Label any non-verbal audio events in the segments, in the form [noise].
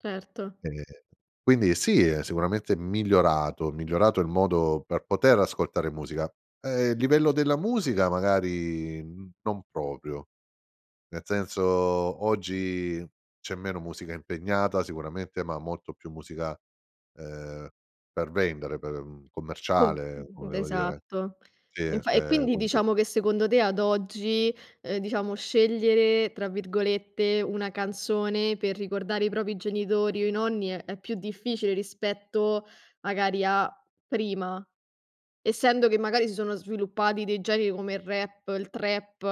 Certo. Ehm, quindi sì, è sicuramente migliorato, migliorato il modo per poter ascoltare musica. Ehm, il livello della musica magari, mhmm, non proprio. Ne senso, oggi c'è meno musica impegnata sicuramente, ma molto più musica, ehm, per vendere, per, mhmm, Com commerciale, d come devo dire esatto. sì. Infa e Ehm, quindi quindi diciamo che secondo te, ad oggi, uhm, diciamo "scegliere", tra virgolette, una canzone per ricordare i propri genitori o i nonni, è è più difficile rispetto, magari, a prima? Essendo che, magari, si sono sviluppati dei generi come il rap, il trap,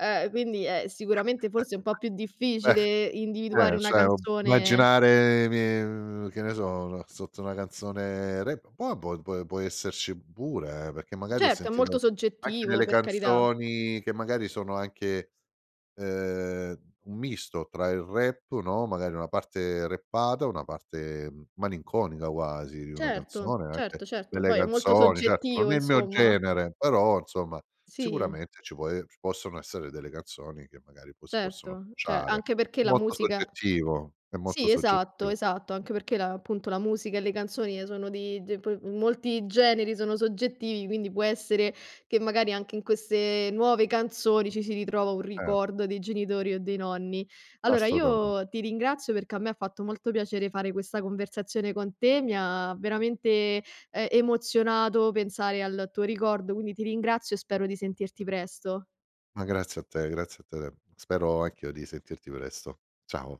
uhm, quindi è sicuramente [chuckles] forse un po' più difficile Eh. individuare Ehm, una cioè, ob canzone immaginare i mie uhm, che ne so, la sotto una canzone rap, po abbo pe può esserci pure, eh, perché magari ho Certo, è molto sentito anche soggettivo, nelle per carità. canzoni che magari sono anche, ehm, un misto tra il rap, no, magari una parte rappata, una parte m malinconica quasi di una Certo, canzone, anche certo, certo. delle Poi è molto canzoni certo, soggettivo, non è i mio insomma. genere però, insomma, Sì. sicuramente ci può e ci possono essere delle canzoni che, magari, poi si possono Certo, ce ciare. anche perché la Molto musica soggettivo, è molto sì, esatto, soggettivo. esatto, anche perché la appunto, la musica e le canzoni e sono di di poi molti generi sono soggettivi, quindi può essere che magari anche in queste nuove canzoni ci si ritrova un Eh. ricordo dei genitori o dei nonni. Allora, Assolutamen io ti ringrazio perché a me fatto molto piacere fare questa conversazione con te, mi ha veramente, ehm, emozionato pensare al tuo ricordo, quindi ti ringrazio e spero di sentirti presto. Ma grazie a te, grazie a te de spero anch'io di sentirti presto. Ciao.